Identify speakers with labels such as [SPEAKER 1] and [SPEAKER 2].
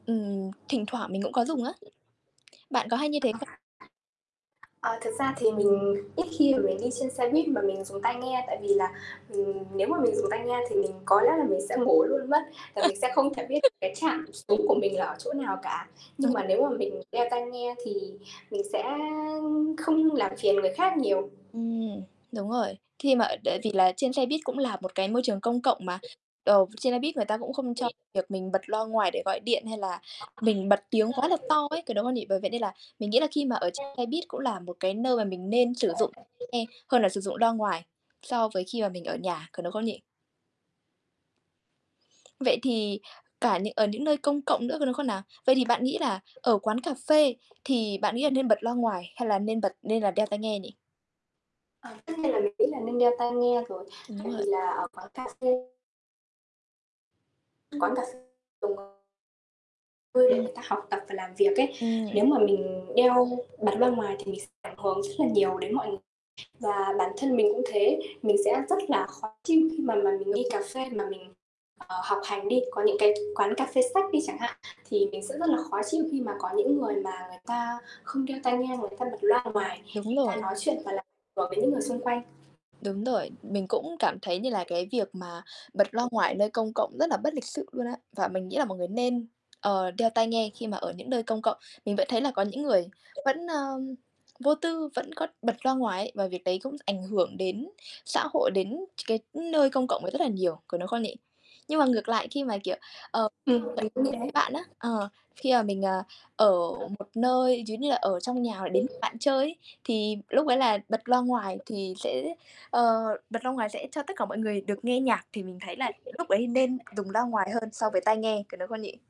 [SPEAKER 1] Ừm. Thỉnh thoảng mình cũng có dùng á. Bạn có hay như
[SPEAKER 2] Ơ,
[SPEAKER 1] thế
[SPEAKER 2] ờ.
[SPEAKER 1] không?
[SPEAKER 2] Ờ, thực ra thì mình ít khi mà mình đi trên xe buýt mà mình dùng tai nghe, tại vì là, ừm, nếu mà mình dùng tai nghe thì mình có lẽ là mình sẽ ngủ luôn mất và mình sẽ không thể biết cái trạm xuống của mình là ở chỗ nào cả. Nhưng
[SPEAKER 1] Ừm.
[SPEAKER 2] mà nếu mà mình đeo tai nghe thì mình sẽ không làm phiền người khác nhiều.
[SPEAKER 1] Ừm. Đúng rồi. Khi mà tại vì là trên xe buýt cũng là một cái môi trường công cộng mà, ờ, trên xe buýt người ta cũng không cho
[SPEAKER 2] Thì
[SPEAKER 1] việc mình bật loa ngoài để gọi điện, hay là mình bật tiếng quá là to ấy,
[SPEAKER 2] [unintelligible]
[SPEAKER 1] có đúng không nhỉ? Bởi vậy nên là mình nghĩ là khi mà ở trên
[SPEAKER 2] Ừm.
[SPEAKER 1] xe buýt cũng là một cái nơi mà mình nên sử dụng
[SPEAKER 2] [unintelligible]
[SPEAKER 1] nghe hơn là sử dụng loa ngoài so với khi mà mình ở nhà, có đúng không nhỉ? Vậy thì cả những ở những nơi công cộng nữa, có đúng không nào? Vậy thì bạn nghĩ là ở quán cà phê thì bạn nghĩ là nên bật loa ngoài, hay là nên bật nên là đeo tai nghe nhỉ?
[SPEAKER 2] Ờ, tất nhiên là mình nghĩ là nên đeo tai nghe rồi,
[SPEAKER 1] Ừm, đúng
[SPEAKER 2] tại vì
[SPEAKER 1] rồi.
[SPEAKER 2] là ở quán cà phê Quán cà phê dùng ờ Ừ, để
[SPEAKER 1] Ừm.
[SPEAKER 2] người ta học tập và làm việc ấy.
[SPEAKER 1] Ừm nhỉ?
[SPEAKER 2] Nếu mà mình đeo bật loa ngoài thì mình sẽ ảnh hưởng rất là nhiều đến mọi người. Và bản thân mình cũng thế, mình sẽ rất là khó chịu khi mà mà mình
[SPEAKER 1] Đúng.
[SPEAKER 2] đi cà phê mà mình, ờ, học hành đi, có những cái quán cà phê sách đi chẳng hạn thì mình sẽ rất là khó chịu khi mà có những người mà người ta không đeo tai nghe, người ta bật loa ngoài,
[SPEAKER 1] Đúng
[SPEAKER 2] người ta
[SPEAKER 1] rồi.
[SPEAKER 2] nói chuyện và làm ảnh hưởng đến những người xung quanh.
[SPEAKER 1] Đúng rồi, mình cũng cảm thấy như là cái việc mà bật loa ngoài nơi công cộng rất là bất lịch sự luôn á và mình nghĩ là mọi người nên, ờ, đeo tai nghe khi mà ở những nơi công cộng. Mình vẫn thấy là có những người vẫn, ơ, vô tư, vẫn có bật loa ngoài ấy và việc đấy cũng ảnh hưởng đến xã hội, đến ch cái nơi công cộng rất là nhiều, có đúng không nhỉ? Nhưng mà ngược lại khi mà, kiểu, ờ,
[SPEAKER 2] Ừm,
[SPEAKER 1] [unintelligible]
[SPEAKER 2] mình cũng như
[SPEAKER 1] với
[SPEAKER 2] thế.
[SPEAKER 1] bạn á, ờ, khi mà mình, à, ở một nơi giống như là ở trong nhà hoặc đến
[SPEAKER 2] Ừm hứm.
[SPEAKER 1] bạn chơi ấy, thì lúc ấy là bật loa ngoài thì sẽ, ờ, bật loa ngoài sẽ cho tất cả mọi người được nghe nhạc thì mình thấy là lúc ấy nên dùng loa ngoài hơn so với
[SPEAKER 2] [unintelligible]
[SPEAKER 1] tai nghe, có đúng không nhỉ?